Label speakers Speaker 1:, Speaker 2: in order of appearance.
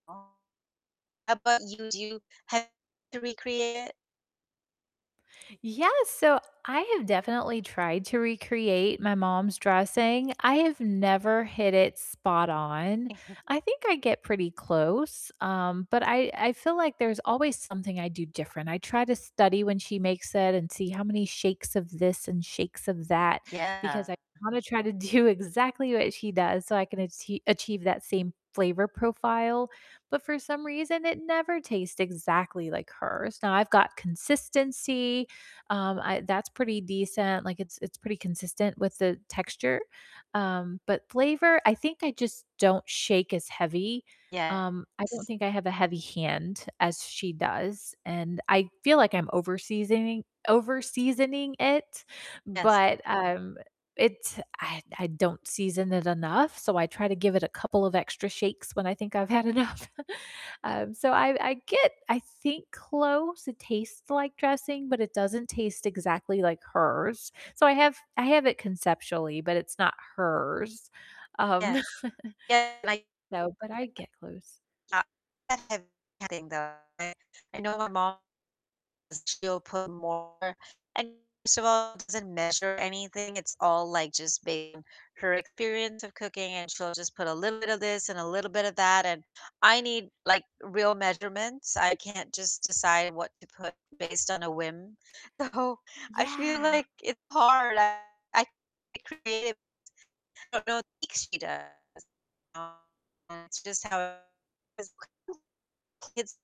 Speaker 1: Oh. How 'bout you? Do you have to recreate it?
Speaker 2: Yeah, so I have definitely tried to recreate my mom's dressing, I have never hit it spot-on, I think I get pretty close, um, but I I feel like there's always something I do different. I try to study when she makes it and see how many shakes of this and shakes of that, because
Speaker 1: Yeah.
Speaker 2: I wanna try to do exactly what she does, so I can achie achieve that same flavor profile, but for some reason, it never tastes exactly like hers. Now, I've got consistency, um, I that's pretty decent, like, it's it's pretty consistent with the texture, um, but flavor, I think I just don't shake as heavy. Um, I don't
Speaker 1: Yes.
Speaker 2: think I have a heavy hand as she does, and I feel like I'm overseasoning overseasoning it,
Speaker 1: Yes.
Speaker 2: but, um, it's I I don't season it enough, so I try to give it a couple of extra shakes when I think I've had enough. Um, so I I get, I think, close, it tastes like dressing, but it doesn't taste exactly like hers. So I have I have it conceptually, but it's not hers, um
Speaker 1: Yes. Yeah, like
Speaker 2: No, but I get close.
Speaker 1: [unintelligible] I know my mom, she'll put more and first of all, doesn't measure anything. It's all, like, just based on her experience of cooking, and she'll just put a little bit of this and a little bit of that, and I need, like, real measurements, I can't just decide what to put based on a whim, so, I feel
Speaker 2: Yeah.
Speaker 1: like it's hard. I I create [unintelligible] I don't think she does. Um, it's just how [unintelligible]